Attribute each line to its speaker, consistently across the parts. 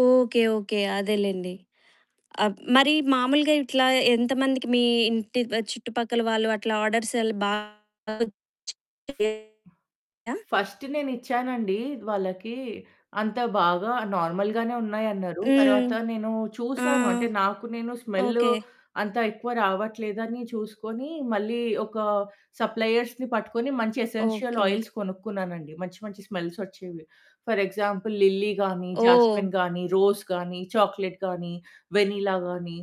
Speaker 1: Okay. Okay. అదేలెండి.అబ్ మరి మామూలుగా ఇట్లా ఎంతమందికి మీ ఇంటి చుట్టుపక్కల వాళ్ళు అట్లా ఆర్డర్స్ ఎలా బాగా వచ్చాయా?
Speaker 2: ఫస్ట్ నేనిచ్చానండి వాళ్ళకి అంత బాగా నార్మల్‌గానే ఉన్నాయన్నారు.
Speaker 1: హ్మ్.
Speaker 2: తర్వాత నేను
Speaker 1: ఆ!
Speaker 2: చూశాను. అంటే నాకు నేను స్మెల్
Speaker 1: ఓకే.
Speaker 2: అంత ఎక్కువ రావట్లేదని చూసుకొని మళ్ళీ ఒక సప్లయర్స్‌ని పట్టుకొని మంచి ఎసెన్షియల్
Speaker 1: ఓకే.
Speaker 2: ఆయిల్స్ కొనుక్కున్నానండి. మంచి మంచి స్మెల్స్ వచ్చేవి. ఫర్ ఎగ్జాంపుల్ లిల్లీ గానీ,
Speaker 1: ఓహ్!
Speaker 2: జాస్మిన్ గానీ, రోజ్ గానీ, చాక్లెట్ గానీ, వెనిల్లా గానీ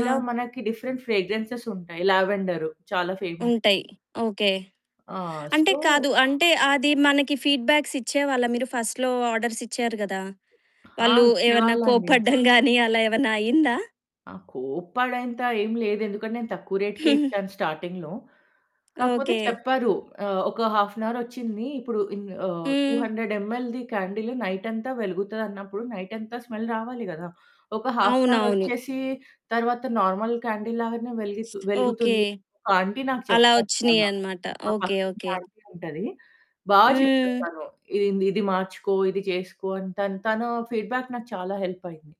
Speaker 2: ఇలా మనకి డిఫరెంట్ ఫ్రేగ్రెన్సెస్ ఉంటాయి. లావెండర్ చాలా ఫేమస్.
Speaker 1: ఉంటాయి. ఓకే.
Speaker 2: ఆ!
Speaker 1: అంటే కాదు
Speaker 2: సో
Speaker 1: అంటే అది మనకి ఫీడ్‌బ్యాక్స్ ఇచ్చేవాళ్ళా మీరు ఫస్ట్‌లో ఆర్డర్స్ ఇచ్చారు కదా!
Speaker 2: ఆ!
Speaker 1: వాళ్ళు ఏమన్నా
Speaker 2: ఇచ్చేవాళ్ళండి.
Speaker 1: కోప్పడడం గానీ అలా ఏమన్నా అయిందా?
Speaker 2: ఆ! కోపడేంత ఏం లేదు ఎందుకంటే నేను తక్కువ రేట్‌కే ఇచ్చాను స్టార్టింగ్‌లో. కాకపోతే
Speaker 1: ఓకే.
Speaker 2: చెప్పారు. ఆహ్, ఒక హాఫ్ ఎన్ అవర్ వచ్చింది. ఇప్పుడు in ah, two
Speaker 1: hmm.
Speaker 2: Hundred ML the candle నైటంతా వెలుగుతదన్నప్పుడు నైటంతా స్మెల్ రావాలి కదా! ఒక హాఫ్ ఎన్ అవర్
Speaker 1: అవునవును.
Speaker 2: వచ్చేసి తర్వాత నార్మల్ క్యాండిల్ లాగానే వెలిగు
Speaker 1: ఓకే.
Speaker 2: వెలుగుతుంది. కా ఆంటీ నాకు
Speaker 1: అలా
Speaker 2: చెప్పారు చాలా.
Speaker 1: వచ్చినయనమాట.
Speaker 2: మా
Speaker 1: ఓకే.
Speaker 2: పక్కింటి
Speaker 1: ఓకే.
Speaker 2: ఆంటీ ఉంటది. బా చెప్తది
Speaker 1: హ్మ్.
Speaker 2: తను. "ఇది ఇది ఇది మార్చుకో, ఇది చేసుకో" అని తను, తను ఫీడ్‌బ్యాక్ నాకు చాలా హెల్ప్ అయింది.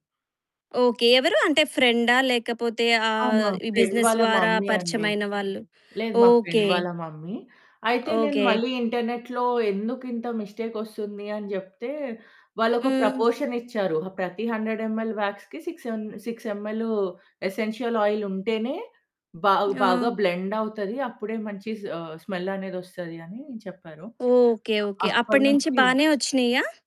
Speaker 1: ఓకే. ఎవరు? అంటే ఫ్రెండా? లేకపోతే
Speaker 2: ఆ!
Speaker 1: ఆహ్,
Speaker 2: మా
Speaker 1: ఈ
Speaker 2: ఫ్రెండ్
Speaker 1: బిజినెస్
Speaker 2: వాళ్ళ
Speaker 1: ద్వారా
Speaker 2: మమ్మీ అండి.
Speaker 1: పరిచయమైన వాళ్ళు?
Speaker 2: లేదు మా
Speaker 1: ఓకే.
Speaker 2: ఫ్రెండ్ వాళ్ళ మమ్మీ. అయితే నేను
Speaker 1: ఓకే.
Speaker 2: మళ్ళీ ఇంటర్నెట్‌లో ఎందుకింత మిస్టేక్ వస్తుంది అని జెప్తే, వాళ్ళొక
Speaker 1: హ్మ్.
Speaker 2: ప్రపోర్షన్ ఇచ్చారు. "ఆ ప్రతి 100 ఎంఎల్ వ్యాక్స్‌కి 6 ఎం 6 ఎంఎల్ ఎసెన్షియల్ ఆయిల్ ఉంటేనే బా బాగా
Speaker 1: ఆ!
Speaker 2: బ్లెండ్ అవుతది. అప్పుడే మంచి ఆహ్, స్మెల్ అనేది వస్తది." అని చెప్పారు.
Speaker 1: ఓకే. ఓకే.
Speaker 2: అప్పటి
Speaker 1: అప్పటి నుంచి
Speaker 2: నుంచి
Speaker 1: బానే వచ్చినియా?